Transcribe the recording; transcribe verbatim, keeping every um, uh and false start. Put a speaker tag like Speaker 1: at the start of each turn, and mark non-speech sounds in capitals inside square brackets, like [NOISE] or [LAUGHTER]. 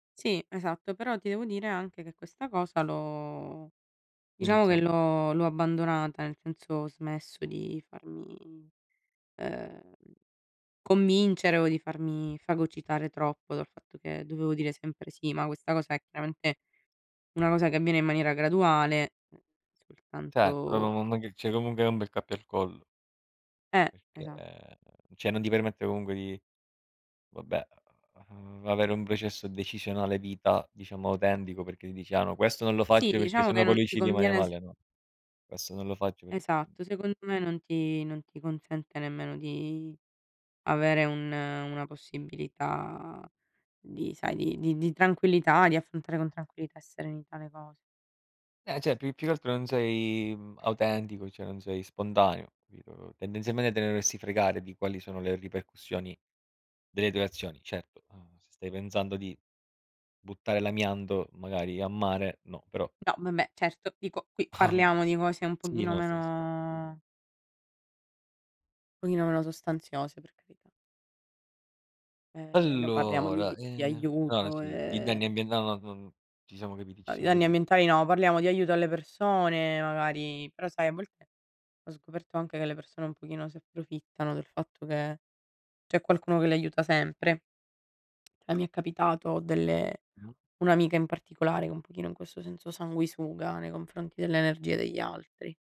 Speaker 1: Sì, esatto, però ti devo dire anche che questa cosa l'ho diciamo che
Speaker 2: Iniziata?
Speaker 1: l'ho l'ho abbandonata, nel senso ho smesso di farmi, ehm, convincere o di farmi fagocitare troppo dal fatto che dovevo dire sempre sì, ma questa cosa è chiaramente una cosa che avviene in maniera graduale, ehm,
Speaker 2: Certo,
Speaker 1: soltanto
Speaker 2: [UNINTELLIGIBLE] ceh comunghe hai un bel cappio al collo
Speaker 1: Eh,
Speaker 2: perché
Speaker 1: esat
Speaker 2: ceh non ti permette comunque di vabbè, uhm, avere un processo decisionale vita diciamo autentico perché dici: "Ah no questo non lo
Speaker 1: Sì,
Speaker 2: faccio perché
Speaker 1: diciamo
Speaker 2: se no
Speaker 1: che
Speaker 2: poi
Speaker 1: non
Speaker 2: lui
Speaker 1: ti
Speaker 2: ci rimane
Speaker 1: conviene s
Speaker 2: male, no, questo non lo faccio per", uhm.
Speaker 1: Esatto, secondo me non ti non ti consente nemmeno di avere un una possibilità di sai di di di tranquillità, di affrontare con tranquillità e serenità le cose.
Speaker 2: Eh, ceh più più che altro non sei, mhmm, autentico, cioè non sei spontaneo, capito? Tendenzialmente te ne dovresti fregare di quali sono le ripercussioni delle tue azioni. Certo, uhm, se stai pensando di buttare l'amianto magari a mare, no, però
Speaker 1: No vabbè, certo, dico qui
Speaker 2: [CHUCKLES]
Speaker 1: parliamo di cose un
Speaker 2: Sì,
Speaker 1: pochino
Speaker 2: no, stavo s
Speaker 1: meno pochino meno sostanziose, per carità. Ehm, non parliamo di
Speaker 2: Allora,
Speaker 1: di
Speaker 2: ehm ah
Speaker 1: aiuto,
Speaker 2: sì, di danni
Speaker 1: e
Speaker 2: ambienta no non ci siamo capiti, ci
Speaker 1: No, di
Speaker 2: siamo
Speaker 1: danni
Speaker 2: capi
Speaker 1: ambientali no, parliamo di aiuto alle persone magari, però sai a volte ho scoperto anche che le persone un pochino si approfittano del fatto che c'è qualcuno che l'aiuta sempre. [TSK] Cioè mi è capitato delle
Speaker 2: Mh-mh.
Speaker 1: un'amica in particolare che è un pochino in questo senso sanguisuga nei confronti dell'energia degli altri.